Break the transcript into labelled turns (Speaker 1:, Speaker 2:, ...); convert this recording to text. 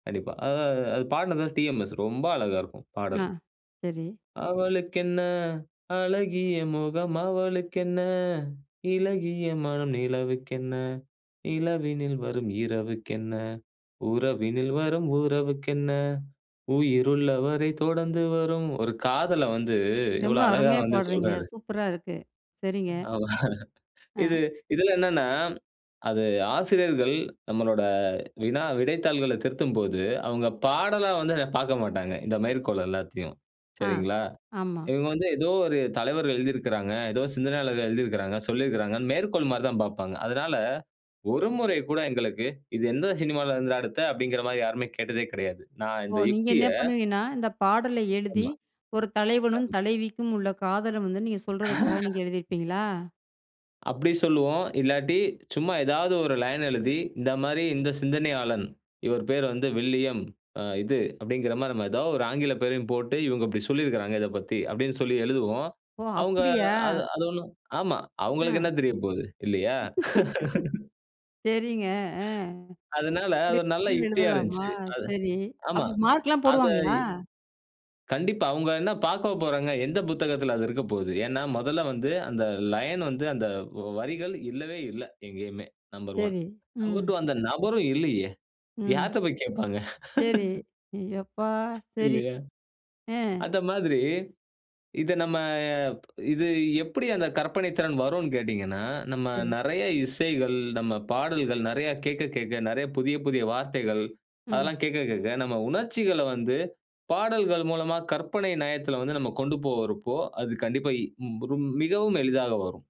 Speaker 1: கண்டிப்பா. அ அ அ அது பாடுனது வந்து டிஎம்எஸ், ரொம்ப அழகா இருக்கும்.
Speaker 2: ஆ.
Speaker 1: பாடல்.
Speaker 2: சரி.
Speaker 1: அவளுக்கென்ன, அழகிய முகம் அவளுக்கென்ன, இளகிய மனம் நிலவுக்கென்ன, இளவினில் வரும் இரவுக்கென்ன, உறவினில் வரும் உறவுக்கென்ன உயிருள்ள வரை தொடர்ந்து வரும். ஒரு காதல வந்து
Speaker 2: ரொம்ப
Speaker 1: எவ்ளோ அழகா
Speaker 2: அருமையா
Speaker 1: வந்து
Speaker 2: பாட்றீங்க!
Speaker 1: சொல்றாரு.
Speaker 2: சூப்பரா இருக்கு. சரிங்க.
Speaker 1: ஆமா. இது
Speaker 2: ஆ.
Speaker 1: இதுல என்னன்னா, அது ஆசிரியர்கள் நம்மளோட வினா, விடைத்தாள்கள திருத்தும்போது, அவுங்க பாடலா வந்து அத பாக்க மாட்டாங்க. இந்த மேற்கோள் எல்லாத்தையும்.
Speaker 2: ஆ.
Speaker 1: சரிங்களா?
Speaker 2: ஆமா.
Speaker 1: இவங்க வந்து ஏதோ ஒரு தலைவர்கள் எழுதிருக்குறாங்க, ஏதோ சிந்தனையாளர்கள் எழுதிருக்குறாங்க, சொல்லிருக்காங்கன்னு மேற்கோள் மாரிதான் பார்ப்பாங்க. அதனால ஒரு முறை கூட எங்களுக்கு இது எந்த சினிமாவுல இருந்துடா எடுத்த, அப்டிங்கற மாரி யாருமே கேட்டதே கெடையாது. நான்
Speaker 2: ஓ!
Speaker 1: இந்த
Speaker 2: நீங்க
Speaker 1: யுக்திய
Speaker 2: என்ன பண்ணுவீங்கன்னா, இந்த பாடல எழுதி
Speaker 1: ஆமா.
Speaker 2: ஒரு தலைவனும்,
Speaker 1: ஆம்.
Speaker 2: தலைவிக்கும் உள்ள காதல வந்து நீங்க சொல்றதுக்காக நீங்க எழுதியிருப்பீங்களா?
Speaker 1: அப்டி சொல்லுவோம். இல்லாட்டி சும்மா ஏதாவது ஒரு லைன் எழுதி, இந்த மாரி இந்த சிந்தனையாளன். இவரு பேரு வந்து வில்லியம், அ, இது, அப்டிங்கற மாரி, நம்ம ஏதாவது ஒரு ஆங்கில பேரையும் போட்டு இவங்க இப்டி சொல்லிருக்காங்க, இதப்பத்தி அப்டின்னு சொல்லி எழுதுவோம்.
Speaker 2: ஓ!
Speaker 1: அவுங்க
Speaker 2: அப்டியா?
Speaker 1: அது அது ஒண்ணும் ஆமா, அவங்களுக்கு
Speaker 2: ஆ.
Speaker 1: என்ன தெரியப்போகுது? இல்லையா?
Speaker 2: சரிங்க. ஆ.
Speaker 1: அதுனால அது
Speaker 2: இப்படி
Speaker 1: ஒரு நல்ல
Speaker 2: கூட
Speaker 1: யுக்தியா
Speaker 2: எழுதலாமா?
Speaker 1: இருந்துச்சி. அது
Speaker 2: சரி.
Speaker 1: ஆமா.
Speaker 2: அப்ப மார்க்லாம்
Speaker 1: அத
Speaker 2: போடுவாங்களா?
Speaker 1: கண்டிப்பா. அவுங்க என்ன பாக்கவா போறாங்க? எந்த புத்தகத்துல அது இருக்கப்போவுது. ஏன்னா, மொதல்ல வந்து அந்த லைன் வந்து அந்த வரிகள் இல்லவே இல்ல எங்கயுமே, 1.
Speaker 2: சரி.
Speaker 1: நம்பர்
Speaker 2: ம்.
Speaker 1: டூ. அந்த நபரும் இல்லையே.
Speaker 2: ம்.
Speaker 1: யார்ட்ட போய் கேப்பாங்க?
Speaker 2: சரி. எப்பா, சரி.
Speaker 1: இல்லையா?
Speaker 2: அ.
Speaker 1: அந்த மாதிரி இத நம்ம இது எப்டி அந்த கற்பனைத்திறன் வரும்னு கேட்டீங்கன்னா, நம்ம
Speaker 2: சரி.
Speaker 1: நெறைய இசைகள், நம்ம பாடல்கள் நெறைய கேட்க கேட்க, நெறைய புதிய, புதிய வார்த்தைகள்.
Speaker 2: ம்.
Speaker 1: அதெல்லாம் கேட்க கேட்க நம்ம உணர்ச்சிகள வந்து பாடல்கள் மூலமா கற்பனை நயத்துல வந்து நம்ம கொண்டு போறப்போ, அது கண்டிப்பா, ம் ப்ரும் மிகவும் எளிதாக வரும்.